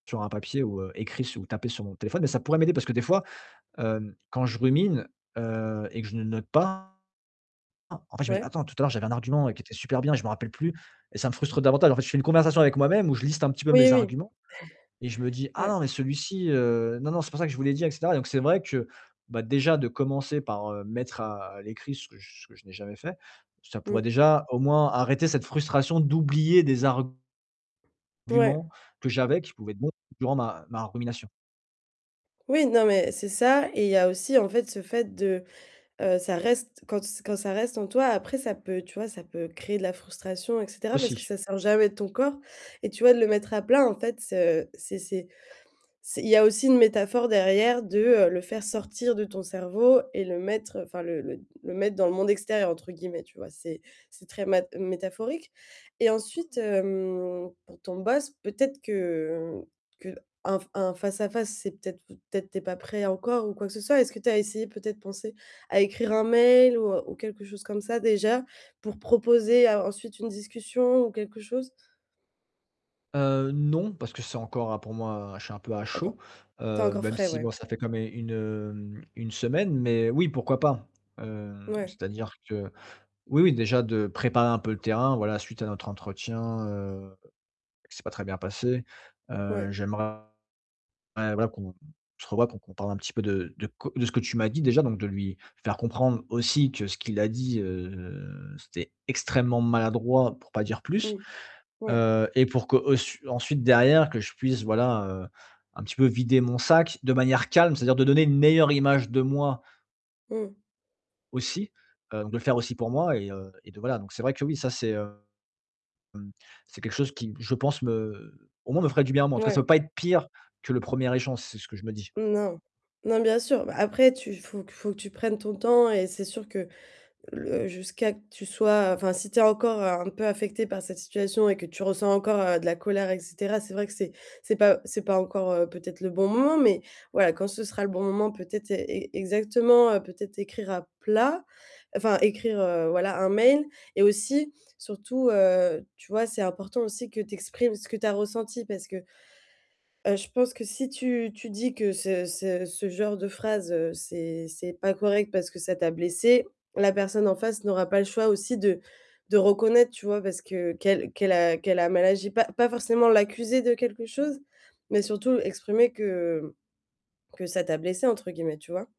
Sur un papier ou heu, écrit ou tapé sur mon téléphone, mais ça pourrait m'aider parce que des fois, hem, quand je rumine, heu et que je ne note pas pas, en fait, je me dis Ouais. attends, tout à l'heure, j'avais un argument qui était super bien et je me rappelle plus et ça me frustre davantage. En fait, je fais une conversation avec moi-même où je liste un petit peu Oui, mes oui. arguments et je me dis: «Ah Ouais. non, mais celui-ci, heu, non, non, c'est pour ça que je vous l'ai dit et cetera». Donc, c'est vrai que déjà de commencer par mettre à l'écrit ce que j'ai jamais fait, ça pourrait Mmh. déjà au moins arrêter cette frustration d'oublier des arguments Ouais. que j'avais qui pouvaient être bons durant ma ma rumination. Oui, non mais c'est ça et il y a aussi en fait ce fait de, heu, ça reste quand se quand ça reste en toi, après ça peut, tu vois, ça peut créer de la frustration, parce que Aussi. ça sert jamais de ton corps et tu vois, de le mettre à plat en fait, c'est c'est c'est c'est il y a aussi une métaphore derrière de le faire sortir de ton cerveau et le mettre, enfin le le le mettre dans le «monde extérieur» entre guillemets, tu vois? C'est c'est très métaphorique et Ouais, ensuite, ouais. hem, pour ton boss, peut-être que qu'un un face à face, c'est peut-être peut-être tu es pas prêt encore ou quoi que ce soit. Est-ce que tu as essayé peut-être penser à écrire un mail ou quelque chose comme ça déjà pour proposer ensuite une discussion ou quelque chose? Heu, non, parce que c'est encore pour moi, je suis un peu à chaud, Encore tu as heu, encore même frais, si ouais. bon ça fait quand même une, heu, une semaine, mais oui pourquoi pas. Heu, Ouais. c'est-à-dire que oui, oui déjà de préparer un peu le terrain voilà suite à notre entretien, heu, c'est pas très bien passé. Heu, Ouais. j'aimerais voilà qu'on se revoit, qu'on parle un petit peu de de ce que tu m'as dit déjà, donc de lui faire comprendre aussi que ce qu'il a dit, heu, c'était extrêmement maladroit, pour pas dire plus. Mmh. Ouais. Heu et pour que qu'ensuite derrière que je puisse voilà, heu, un petit peu vider mon sac de manière calme, c'est-à-dire de donner une meilleure image de moi Mmh. aussi, heu, de le faire aussi pour moi et heu, de voilà. Donc, c'est vrai que oui, ça, c'est, hem c'est quelque chose qui, je pense me au moins, me ferait du bien. En fait, ça Ouais. peut pas être pire que le 1er échange, c'est ce que je me dis. Mmh. Non, non bien sûr. Après tu il faut il faut que tu prennes ton temps et c'est sûr que le jusqu'à que tu sois enfin si tu es encore un peu affecté par cette situation et que tu ressens encore de la colère et cetera. C'est vrai que c'est c'est pas c'est pas encore peut-être le bon moment mais voilà, quand ce sera le bon moment, peut-être ex exactement peut-être écrire à plat, enfin écrire, heu, voilà un mail et aussi surtout, heu, tu vois, c'est important aussi que tu exprimes ce que tu as ressenti parce que, heu, je pense que si tu tu dis que ce ce ce genre de phrase, c'est c'est pas correct parce que ça t'a blessé, la personne en face n'aura pas le choix aussi de de reconnaître tu vois, heu, parce que qu'elle qu'elle a qu'elle a mal agi, pas pas forcément l'accusé de quelque chose, mais surtout exprimer que que ça t'a «blessée» entre guillemets, tu vois?